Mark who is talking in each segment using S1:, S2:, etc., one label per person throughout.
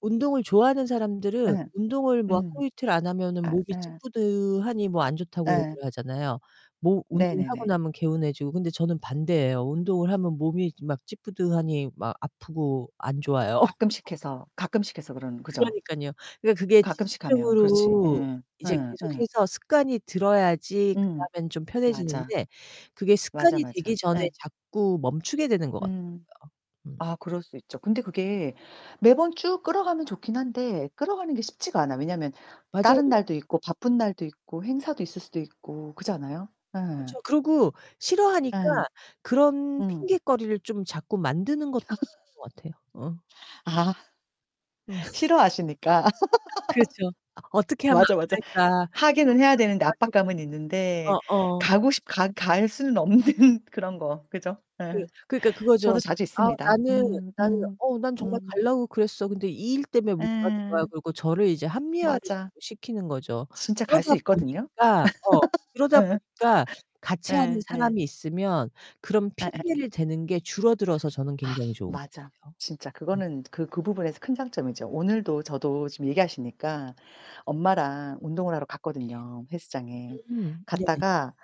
S1: 운동을 좋아하는 사람들은
S2: 예.
S1: 운동을 뭐
S2: 음.
S1: 하루이틀 안 하면은
S2: 아
S1: 몸이
S2: 예.
S1: 찌뿌둥하니 뭐 안 좋다고
S2: 예.
S1: 얘기를 하잖아요. 뭐 운동하고
S2: 네네네.
S1: 나면 개운해지고 근데 저는 반대예요. 운동을 하면 몸이 막 찌뿌둥하니 막 아프고 안 좋아요.
S2: 가끔씩 해서 가끔씩 해서 그러는. 그죠?
S1: 그러니깐요. 그러니까 그게
S2: 가끔씩 하면 그렇지.
S1: 지속적으로
S2: 예예.
S1: 이제
S2: 예. 예.
S1: 계속해서 습관이 들어야지
S2: 음,
S1: 그다음엔 좀
S2: 맞아.
S1: 편해지는데 그게
S2: 맞아,
S1: 습관이 되기
S2: 맞아.
S1: 전에
S2: 예.
S1: 자꾸 멈추게 되는 것 같더라고요.
S2: 음.
S1: 음.
S2: 아, 그럴 수 있죠. 근데 그게 매번 쭉 끌어가면 좋긴 한데 끌어가는 게 쉽지가 않아. 왜냐면
S1: 맞아요.
S2: 다른 날도 있고 바쁜 날도 있고 행사도 있을 수도 있고 그렇지 않아요? 예.
S1: 그렇죠, 그러고 싫어하니까
S2: 예.
S1: 그런
S2: 음.
S1: 핑곗거리를 좀 자꾸 만드는 것 [unintelligible] 것 같아요. 어.
S2: 아.
S1: 음.
S2: 싫어하시니까.
S1: 그렇죠. '어떻게 하면
S2: 맞아, 맞아.
S1: 안 갈까.
S2: 하기는
S1: 어떻게
S2: 해야
S1: 하면
S2: 되는데
S1: 빠질까.'
S2: 압박감은 있는데
S1: 어어.
S2: 가고 싶 가 갈 수는 없는 그런 거. 그죠?
S1: 그
S2: 예.
S1: 그러니까
S2: 저도
S1: 그거죠.
S2: 자주
S1: 아,
S2: 있습니다.
S1: 나는
S2: 음
S1: 나는
S2: 음.
S1: '어, 난 정말
S2: 음.
S1: 가려고 그랬어. 근데 이 일 때문에 못 가는 거야.'
S2: 예.
S1: 그러고 저를 이제 합리화를
S2: 맞아.
S1: 자꾸 시키는 거죠.
S2: 진짜 갈 수
S1: 그러다
S2: 있거든요?
S1: 보니까 어, 그러다
S2: 예.
S1: 보니까 같이 하는
S2: 예 예.
S1: 사람이 있으면 그런
S2: 예예예.
S1: 핑계를 대는 게 줄어들어서 저는
S2: 아,
S1: 굉장히 좋은 것
S2: 맞아.
S1: 같아요.
S2: 진짜
S1: 음.
S2: 그거는 그 그 부분에서 큰 장점이죠. 오늘도 저도 지금 얘기하시니까 엄마랑 운동을 하러 갔거든요, 헬스장에.
S1: 음. 네네.
S2: 갔다가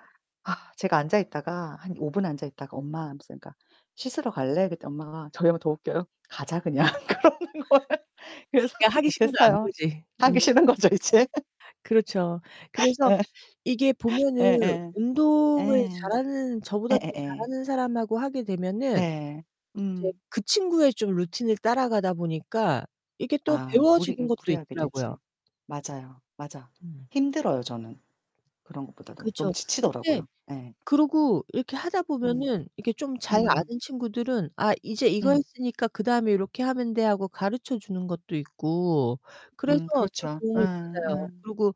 S2: 아 제가 앉아 있다가 한 5 분 앉아 있다가 "엄마." 하면서 그러니까 "씻으러 갈래?" 그랬더니 엄마가 저희 엄마 더 웃겨요. "가자, 그냥." 그러는 거예요. 그래서
S1: 그냥 하기
S2: 못
S1: 싫은 거 안
S2: 했어요.
S1: 보지.
S2: 하기
S1: 어.
S2: 싫은 거죠 이제.
S1: 그렇죠. 그래서
S2: 예.
S1: 이게 보면은
S2: 예예.
S1: 운동을
S2: 예.
S1: 잘하는 저보다 더
S2: 예예예.
S1: 잘하는 사람하고 하게 되면은
S2: 네,
S1: 이제
S2: 음.
S1: 그 친구의 좀 루틴을 따라가다 보니까 이게 또
S2: 아. 무리
S1: 배워지는
S2: 응,
S1: 것도
S2: 무리하게
S1: 있더라고요.
S2: 되지. 맞아요. 맞아.
S1: 음.
S2: 힘들어요, 저는. 그런 것보다도 너무
S1: 그렇죠. 근데
S2: 지치더라고요. 예.
S1: 그러고 이렇게 하다
S2: 음.
S1: 보면은 이렇게 좀 잘
S2: 음.
S1: 아는 친구들은 "아, 이제 이거
S2: 음.
S1: 했으니까 그다음에 요렇게 하면 돼." 하고 가르쳐 주는 것도 있고 그래서
S2: 음,
S1: 또
S2: 그렇죠. 예.
S1: 도움을 받아요. 그리고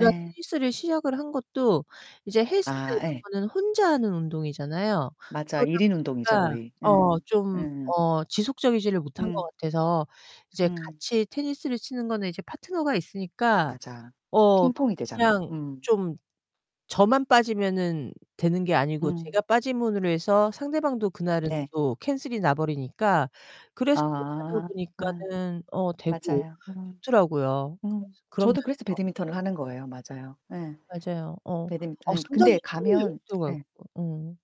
S2: 예. 예.
S1: 테니스를 시작을 한 것도 이제 헬스나
S2: 아,
S1: 이런
S2: 예.
S1: 거는 혼자 하는 운동이잖아요.
S2: 맞아.
S1: 그러다
S2: 1 인 운동이죠,
S1: 보니까
S2: 거의. 예.
S1: 어, 좀
S2: 예.
S1: 어 지속적이지를 못한 것
S2: 음.
S1: 같아서 이제
S2: 음.
S1: 같이 테니스를 치는 거는 이제 파트너가 있으니까
S2: 맞아.
S1: 어,
S2: 핑퐁이 되잖아요.
S1: 그냥
S2: 음.
S1: 좀 저만 빠지면은 되는 게 아니고 제가
S2: 음.
S1: 빠짐으로 해서 상대방도 그날은
S2: 네.
S1: 또 캔슬이 나버리니까 그래서 또 가다
S2: 아. 예.
S1: 보니까는 어 되고
S2: 맞아요. 음.
S1: 좋더라고요.
S2: 음.
S1: 그래서 그런
S2: 저도 그래서
S1: 면에서.
S2: 배드민턴을 하는 거예요. 맞아요. 예.
S1: 맞아요. 어.
S2: 배드민턴
S1: 아,
S2: 하는 게
S1: 상당히
S2: 근데
S1: 힘들.
S2: 가면 예.
S1: [unintelligible] 응.